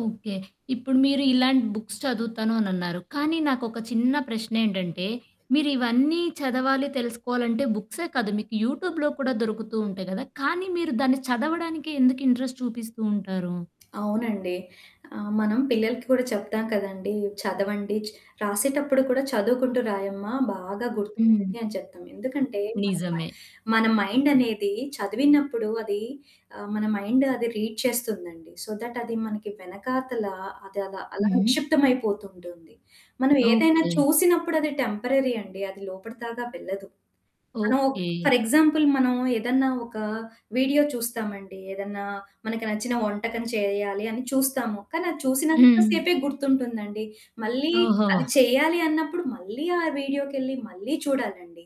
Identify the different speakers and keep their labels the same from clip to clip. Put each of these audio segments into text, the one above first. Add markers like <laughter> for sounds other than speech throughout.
Speaker 1: Okay. ఇప్పుడు మీరు ఇలాంటి బుక్స్ చదువుతాను అనిన్నారు, కానీ నాకొక చిన్న ప్రశ్నేంటంటే మీరు ఇవన్నీ చదవాలి తెలుసుకోవాలంటే బుక్సే కాదు. మీకు యూట్యూబ్‌లో కూడా దొరుకుతూ ఉంటాయి కదా! కానీ మీరు దాన్ని చదవడానికే ఎందుకు ఇంట్రెస్ట్ చూపిస్తూ ఉంటారు?
Speaker 2: అవునండి. ఆహ్, మనం పిల్లలకి కూడా చెప్తాం కదండీ! చదవండి. చ రాసేటప్పుడు కూడా, "చదువుకుంటూ రాయమ్మా బాగా
Speaker 1: హ్మ్.
Speaker 2: గుర్తుంటుంది." అని చెప్తాం. ఎందుకంటే మన మ
Speaker 1: నిజమే.
Speaker 2: మన మైండనేది చదివినప్పుడు అది ఆహ్, మన మైండ్ అది రీడ్ చేస్తుందండి. సో దట్ అది మనకి వెనకాతల అది అలా, అలా
Speaker 1: హుహు.
Speaker 2: నిక్షిప్తమైపోతుంటుంది. మనం ఏదైనా
Speaker 1: ఓకే.
Speaker 2: చూసినప్పుడది టెంపరరీ అండి. అది లోపటిదాకా వెళ్ళదు. మనం
Speaker 1: ఓకే.
Speaker 2: ఫర్ ఎగ్జాంపుల్ మనం ఏదన్నా ఒక వీడియో చూస్తామండి. ఏదన్నా మనకు నచ్చిన వంటకం చేయాలి అని చూస్తాము. కానీ అది చూసినంత
Speaker 1: హ్మ్.
Speaker 2: సేపే గుర్తుంటుందండి. మళ్ళీ
Speaker 1: ఓహో!
Speaker 2: అది చేయాలి అన్నప్పుడు మళ్ళీ ఆ వీడియోకెళ్ళి మళ్ళీ చూడాలండి.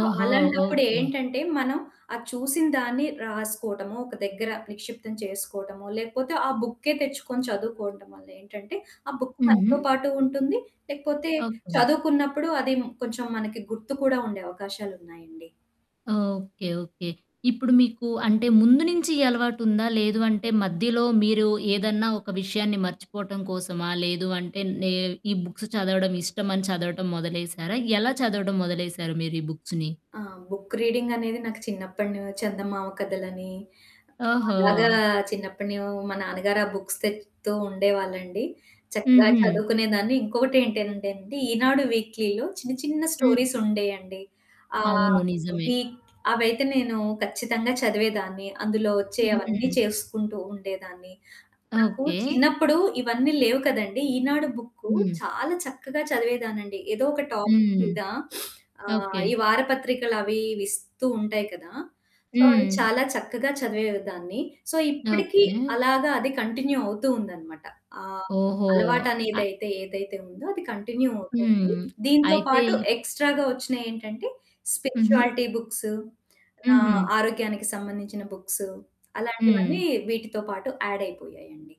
Speaker 2: So
Speaker 1: okay.
Speaker 2: అలాంటప్పుడేంటంటే మనం ఆ చూసిన దాన్ని రాసుకోవటమో, ఒక దగ్గర నిక్షిప్తం చేసుకోవటమో లేకపోతే ఆ బుక్కే తెచ్చుకొని చదువుకోవటం వల్ల ఏంటంటే ఆ బుక్కు మనతో
Speaker 1: హుహు.
Speaker 2: పాటు ఉంటుంది. లేకపోతే
Speaker 1: ఓకే.
Speaker 2: చదువుకున్నప్పుడు అది కొంచెం మనకి గుర్తు కూడా ఉండే అవకాశాలున్నాయండి.
Speaker 1: ఓకే. ఓకే. ఇప్పుడు మీకు అంటే ముందు నుంచి ఈ అలవాటుందా? లేదు అంటే మధ్యలో మీరు ఏదన్నా ఒక విషయాన్ని మర్చిపోవటం కోసమా? లేదు అంటే నే ఈ బుక్స్‌ చదవడం ఇష్టమని చదవటం మొదలేసారా? ఎలా చదవటం మొదలేసారు మీరు ఈ బుక్స్‌ని?
Speaker 2: ఆ! బుక్ రీడింగ్ అనేది నాకు చిన్నప్పడును చందమామ కథలని. అలాగా
Speaker 1: ఓహో!
Speaker 2: చిన్నప్పడూ మా నాన్నగారు ఆ బుక్స్ తెత్తూ ఉండేవాళ్ళండి. చక్కగా
Speaker 1: హుహు.
Speaker 2: చదువుకునేదాన్ని. ఇంకొకటేంటనంటే అండి 'ఈనాడు' వీక్‌లీలో చిన్న చిన్న
Speaker 1: హ్మ్.
Speaker 2: స్టోరీసుండేయండి. ఆహ్,
Speaker 1: అవును. నిజమే.
Speaker 2: వీక్‌ అవైతే నేను ఖచ్చితంగా చదివేదాన్ని. అందులో వచ్చే అవన్నీ
Speaker 1: హుహు.
Speaker 2: చేసుకుంటూ ఉండేదాన్ని. నాకు
Speaker 1: ఓకే.
Speaker 2: చిన్నప్పుడు ఇవన్నీ లేవు కదండీ! 'ఈనాడు' బుక్కు
Speaker 1: హ్మ్.
Speaker 2: చాలా చక్కగా చదివేదానండి. ఏదో ఒక టాపిక్
Speaker 1: హ్మ్.
Speaker 2: మీద <sniffs> ఆహ్,
Speaker 1: ఓకే.
Speaker 2: ఈ వారపత్రికలవి విస్తూ ఉంటాయి కదా! సో, అది
Speaker 1: హ్మ్.
Speaker 2: చాలా చక్కగా చదివేదాన్ని. సో ఇప్పటికి
Speaker 1: ఓకే.
Speaker 2: అలాగా అది కంటిన్యూ అవుతూ ఉందనమాట. ఆహ్,
Speaker 1: ఓహో! అ
Speaker 2: అలవాటనేదైతే ఏదైతే ఉందో అది కంటిన్యూ అవుతుంది.
Speaker 1: హ్మ్.
Speaker 2: దీంతో
Speaker 1: అయితే
Speaker 2: పాటు
Speaker 1: ఈ
Speaker 2: ఎక్స్‌ట్రాగా వచ్చినయేంటంటే
Speaker 1: హుహు.
Speaker 2: Spirituality books.
Speaker 1: హుహు.
Speaker 2: ఆహ్, ఆరోగ్యానికి సంబంధించిన బుక్స్,
Speaker 1: హ్మ్.
Speaker 2: అలాంటివన్నీ వీటితో పాటు ఆడ్ అయిపోయాయండి.